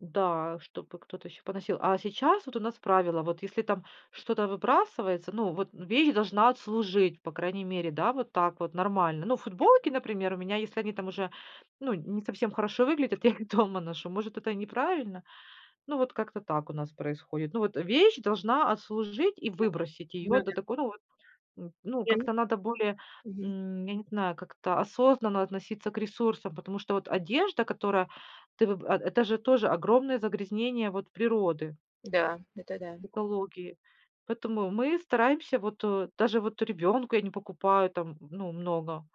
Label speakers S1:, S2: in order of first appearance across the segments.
S1: Да, чтобы кто-то ещё поносил. А сейчас, вот у нас правило: вот если там что-то выбрасывается, ну, вот, ну, вещь должна отслужить, по крайней мере, да, вот так вот нормально. Ну, футболки, например, у меня, если они там уже, ну, не совсем хорошо выглядят, я их дома ношу. Может, это неправильно. Ну, вот как-то так у нас происходит. Ну, вот, э, вещь должна отслужить, и
S2: [unintelligible]
S1: выбросить её
S2: Ну
S1: до
S2: да.
S1: такой ну вот, м, ну,
S2: Я не
S1: как-то надо более,
S2: Мгм.
S1: м, я не знаю, как-то осознанно относиться к ресурсам. Потому что вот одежда, которая ты выб а, э, это же тоже огромное загрязнение, вот, природы
S2: Да, это да.
S1: экологии. Поэтому мы стараемся, вот, э даже вот ребёнку я не покупаю, там, ну, много.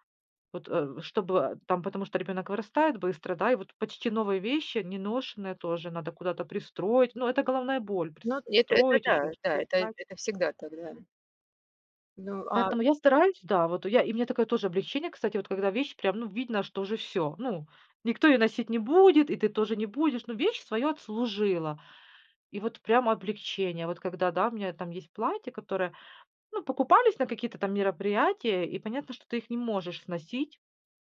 S1: Вот, э, чтобы, а, там, потому что ребёнок вырастает быстро, да? И вот, почти новые вещи, неношеные тоже надо куда-то пристроить. Ну, это головная боль:
S2: Ну, вот эт это
S1: пристроить, ещё
S2: да,
S1: что-то
S2: да, это, э,
S1: искать.
S2: это всегда так, да. Ну, а
S1: Поэтому я стараюсь да. Вот и я, и мне такое тоже облегчение. Кстати, вот когда вещь прям, ну, видно, что уже всё, ну, никто её носить не будет, и ты тоже не будешь. Ну, вещь своё отслужила. И вот, прямо облегчение. Вот когда, да, у меня там есть платье, которое, ну, покупались на какие-то там мероприятия, и понятно, что ты их не можешь сносить,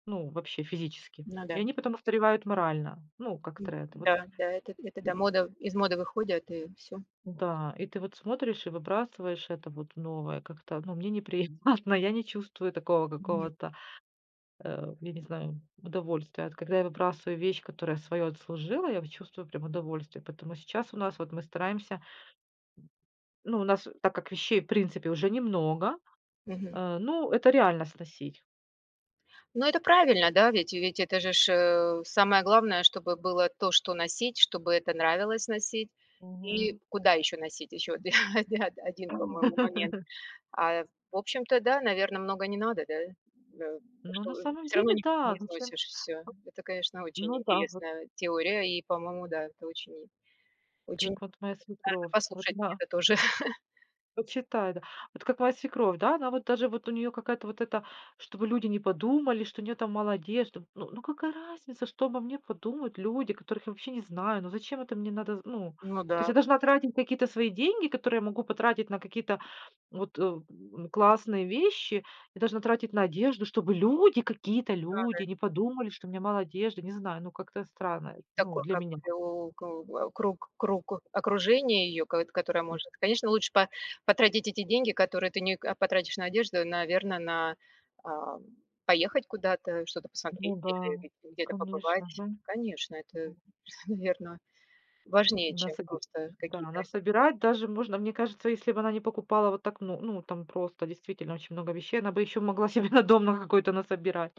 S1: ну, вообще, физически.
S2: Ну
S1: И
S2: да.
S1: они потом устаревают морально. Ну, как тренд, вот
S2: М-да, да, этот это да,
S1: м.
S2: мода, из моды выходят и всё.
S1: М-да. И ты вот смотришь и выбрасываешь это вот новое как-то. Ну, мне неприятно. Я не чувствую такого
S2: Мгм.
S1: какого-то, э, я не знаю, удовольствия. Вот когда я выбрасываю вещь, которая своё отслужила, я вот чувствую прям удовольствие. Поэтому сейчас у нас, вот мы стараемся Ну, у нас, э, так как вещей, в принципе, уже немного,
S2: Мгм.
S1: а, ну, это реально сносить.
S2: Ну, это правильно, да, ведь и ведь это же ж, э, самое главное, чтобы было то, что носить, чтобы это нравилось носить и
S1: Мгм.
S2: куда еще носить. Еще оди да-да, 1, по-моему, момент. А, э, в общем-то, да, наверно, много не надо, да? Э, да
S1: Ну, на
S2: что, э,
S1: самом
S2: всё равно
S1: деле,
S2: ни
S1: да,
S2: не
S1: зачем
S2: износишь всё. Это, конечно, очень
S1: ну да, вот.
S2: интересная теория, и по-моему, да, это очень
S1: Ты, э,
S2: очень,
S1: к вот
S2: надо
S1: моя свекровь, вот
S2: послушать и
S1: она
S2: это тоже.
S1: Вот считай, да. Вот как моя свекровь, да? Она вот даже, вот у неё какая-то вот эта, чтобы люди не подумали, что у неё там мало одежды. Ну, ну какая разница, что обо мне подумают люди, которых я вообще не знаю? Ну зачем это мне надо зн Ну,
S2: Ну
S1: то есть
S2: да.
S1: я должна тратить какие-то свои деньги, которые я могу потратить на какие-то, вот, э, м, ну, классные вещи. Я должна тратить на одежду, чтобы люди, какие-то
S2: Да-да.
S1: люди не подумали, что у меня мало одежды. Не знаю. Ну, как-то
S2: Не
S1: странно, эт ну,
S2: такой,
S1: для
S2: как
S1: меня.
S2: крю ку э, круг, круг, э окружение её, кот которое может. Конечно, лучше по потратить эти деньги, которые ты не, а, потратишь на одежду, наверно, на, ам, поехать куда-то, что-то
S1: Ну
S2: посмотреть
S1: да,
S2: или где-то
S1: конечно.
S2: побывать.
S1: Мгм.
S2: Конечно, это, наверно, важнее,
S1: М
S2: чем
S1: насоби
S2: просто
S1: м-да,
S2: какие-то.
S1: насобирать
S2: [unintelligible]
S1: даже можно. Мне кажется, если бы она не покупала вот так, ну, ну, там, просто, действительно очень много вещей, она бы ещё могла себе на дом на какой-то насобирать.